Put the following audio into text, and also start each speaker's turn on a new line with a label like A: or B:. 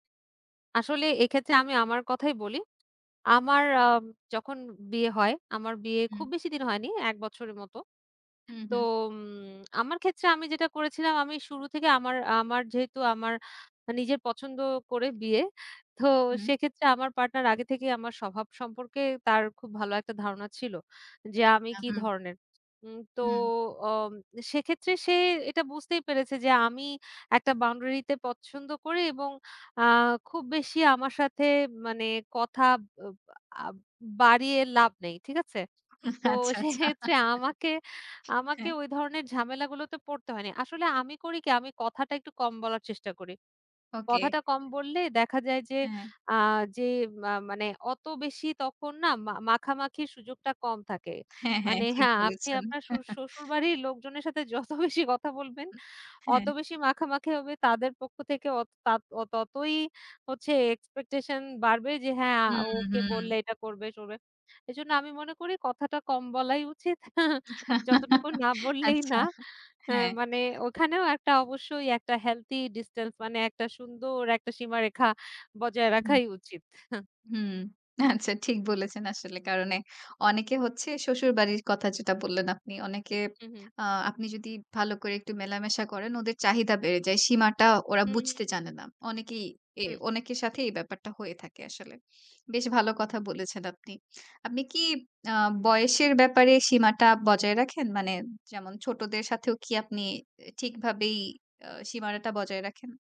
A: আসলে এক্ষেত্রে আমি আমার কথাই বলি। আমার আ যখন বিয়ে হয় আমার বিয়ে
B: হুম।
A: খুব বেশিদিন হয়নি। ১ বছরের মতো।
B: হু,
A: তো
B: হু।
A: উম আমার ক্ষেত্রে আমি যেটা করেছিলাম, আমি শুরু থেকে আমার আ আমার যেহেতু আমার আ নিজের পছন্দ করে বিয়ে, তো
B: হু, হু।
A: সেক্ষেত্রে আমার পার্টনার আগে থেকেই আমার স্বভাব সম্পর্কে তার খুব ভালো একটা ধারণা ছিল। যে, আমি
B: আচ্ছা।
A: কি
B: হুম।
A: ধরনের। উম তো
B: হুম।
A: অ সেক্ষেত্রে সে এটা বুঝতেই পেরেছে যে আমি একটা বাউন্ডারিতে পছন্দ করি এবং আ খুব বেশি আমার সাথে মানে কথা আব আ বাড়িয়ে লাভ নেই। ঠিক আছে? তো
B: আচ্ছা, আচ্ছা।
A: সেক্ষেত্রে আমাকে, আমাকে
B: হ্যাঁ।
A: ওই ধরনের ঝামেলাগুলোতে পড়তে হয়নি। আসলে আমি করি কি? আমি কথাটা একটু কম বলার চেষ্টা করি।
B: ওকে।
A: কথাটা কম বললে দেখা যায় যে,
B: হ্যাঁ।
A: আ যে মা মানে অত বেশি তখন না মাখামাখির সুযোগটা কম থাকে।
B: হ্যাঁ, হ্যাঁ।
A: মানে
B: ঠিক
A: হ্যাঁ। আপনি
B: বলেছেন।
A: আপনার শসু শ্বশুরবাড়ির লোকজনের সাথে যত বেশি কথা
B: হু,
A: বলবেন,
B: হু।
A: অত
B: হ্যাঁ।
A: বেশি মাখামাখি হবে। তাদের পক্ষ থেকে অত তাত অত ততই হচ্ছে expectation বাড়বে যে হ্যাঁ। আ
B: হুম,
A: ওকে
B: হুম।
A: বললে এটা করবে টরবে। এজন্য আমি মনে করি কথাটা কম বলাই উচিত। যতটুকু না বললেই না।
B: আচ্ছা।
A: এ
B: হ্যাঁ।
A: মানে ওখানেও একটা অবশ্যই ওই একটা healthy distance মানে একটা সুন্দর একটা সীমারেখা বজায়
B: হু, উম।
A: রাখাই উচিত।
B: হুম, আচ্ছা। ঠিক বলেছেন আসলে। কারণ এ অনেকে হচ্ছে শ্বশুরবাড়ির কথা যেটা বললেন আপনি, অনেকে
A: হু, হু।
B: আ আপনি যদি ভালো করে একটু মেলামেশা করেন, ওদের চাহিদা বেড়ে যায়। সীমাটা ওরা
A: হু, হু।
B: বুঝতে জানে না। অনেকেই এ
A: হুম।
B: অনেকের সাথেই এই ব্যাপারটা হয়ে থাকে আসলে। বেশ ভালো কথা বলেছেন আপনি। আপনি কি আ বয়সের ব্যাপারে সীমাটা বজায় রাখেন? মানে যেমন ছোটদের সাথেও কি আপনি এ ঠিকভাবেই এ সীমানাটা বজায় রাখেন?